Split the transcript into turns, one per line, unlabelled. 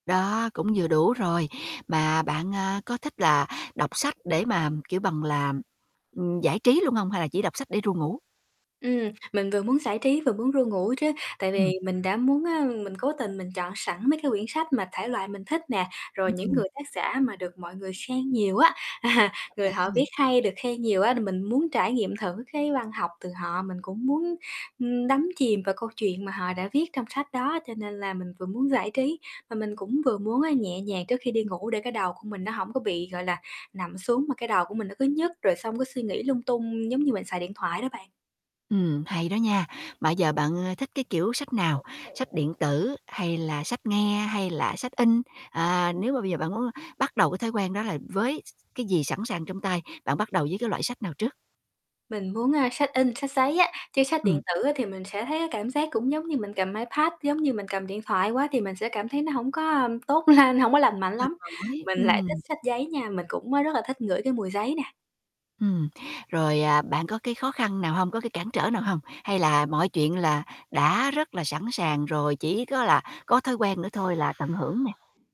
Đó, cũng vừa đủ rồi. Mà bạn, à, có thích là đọc sách để mà, kiểu bằng là, ừm, giải trí luôn hông? Hay là chỉ đọc sách để ru ngủ?
Ừm, mình vừa muốn giải trí vừa muốn ru ngủ chứ. Tại vì
Ừm.
mình đã muốn, a, mình cố tình mình chọn sẵn mấy cái quyển sách mà thể loại mình thích nè, rồi
Ừm,
những
ừm.
người tác giả mà được mọi người khen nhiều á, à.
Ờ,
Người
hay
họ
đấy
viết
nhỉ?
hay, được khen nhiều á thì mình muốn trải nghiệm thử cái văn học từ họ. Mình cũng muốn, ừm, đắm chìm vào câu chuyện mà họ đã viết trong sách đó, cho nên là mình vừa muốn giải trí và mình cũng vừa muốn á nhẹ nhàng trước khi đi ngủ để cái đầu của mình nó hổng có bị, gọi là, nằm xuống mà cái đầu của mình nó cứ nhức rồi xong cứ suy nghĩ lung tung giống như mình xài điện thoại đó bạn.
Ừm, hay đó nha. Mà giờ bạn, ơ, thích cái kiểu sách nào? Sách điện tử, hay là sách nghe, hay là sách in? À, nếu mà bây giờ bạn muốn bắt đầu cái thói quen đó là với s cái gì sẵn sàng trong tay, bạn bắt đầu với cái loại sách nào trước?
Mình muốn, à, sách in, sách giấy á, chứ sách điện
Ừm.
tử á thì mình sẽ thấy cái cảm giác cũng giống như mình cầm iPad, giống như mình cầm điện thoại quá thì mình sẽ cảm thấy nó hổng có tốt lên, hổng có lành
Cũng
mạnh
mệt
lắm.
mỏi,
Mình lại thích
ừm.
sách giấy nha, mình cũng, a, rất là thích ngửi cái mùi giấy nè.
Ừm, rồi, à, bạn có cái khó khăn nào hông, có cái cản trở nào hông? Hay là mọi chuyện là đã rất là sẵn sàng rồi, chỉ có là có thói quen nữa thôi là tận hưởng nè?